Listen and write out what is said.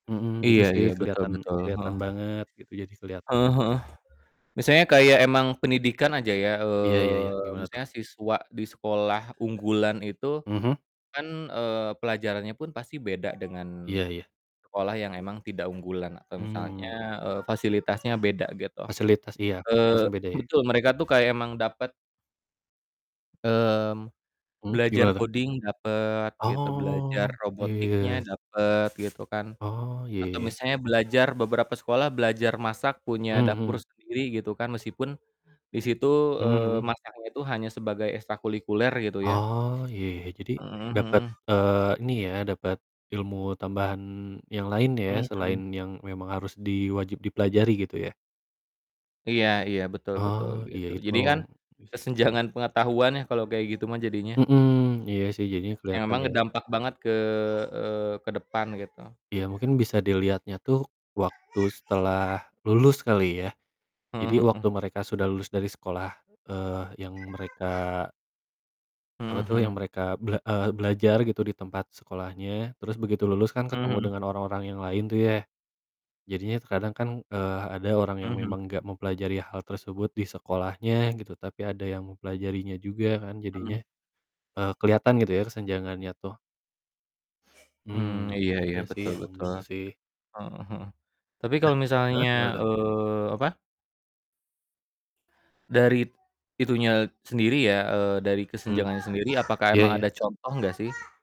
Mhm, itu Iya sih iya, betul keliatan betul, heeh. keliatan banget gitu jadi keliatan. Heeh heeh, misalnya kayak emang pendidikan aja ya, Iya iya iya, eee, gimana tuh? misalnya siswa di sekolah unggulan itu Mhm. kan, eee, pelajarannya pun pasti beda dengan Iya iya. sekolah yang memang tidak unggulan atau misalnya Mmm. fasilitasnya beda gitu. Fasilitas iya, fasilitasnya Eee, beda ya. betul mereka tuh kayak emang dapet. Mmm, Mhm, belajar gimana tuh? coding dapet gitu, belajar Oh, robotiknya iya. dapet gitu kan Oh ya atau ya. misalnya belajar beberapa sekolah belajar masak punya Mhm dapur mhm. sendiri gitu kan meskipun disitu, Mhm eee, mhm. masaknya itu hanya sebagai ekstrakulikuler gitu ya. Oh iya ya, jadi Heeh dapat, heeh. eee, ini ya, dapet ilmu tambahan yang lain ya selain Mhm. yang memang harus di wajib dipelajari gitu ya. Iya iya, betul betul, Oh, iya gitu itu jadi memang, kan itu sih. kesenjangan pengetahuan ya kalo kayak gitu mah jadinya. Mhm, iya sih jadinya Ya keliatan memang ya. dampak banget ke, eee, ke depan gitu Ya mungkin bisa dilihatnya tuh waktu setelah lulus kali ya? Heeh Jadi heeh. waktu mereka sudah lulus dari sekolah, eee, yang mereka apa Heeh tuh heeh. yang mereka bel eee, belajar gitu di tempat sekolahnya terus begitu lulus kan Mhm ketemu mhm. dengan orang-orang yang lain tuh ya, jadinya kadang kan, eee, ha ada orang yang Mhm mhm. memang enggak mempelajari hal tersebut di sekolahnya gitu tapi ada yang mempelajarinya juga kan jadinya, Mhm. eee, keliatan gitu ya kesenjangannya tuh Mmm, Mmm, iya iya, iya sih betul emang betul, gitu sih. heeh heeh, tapi Eh, kalau heeh? misalnya, Gimana tuh? eee, apa Dari itunya sendiri ya, eee, dari Mmm. kesenjangannya sendiri apakah Iya emang iya. ada contoh gak sih?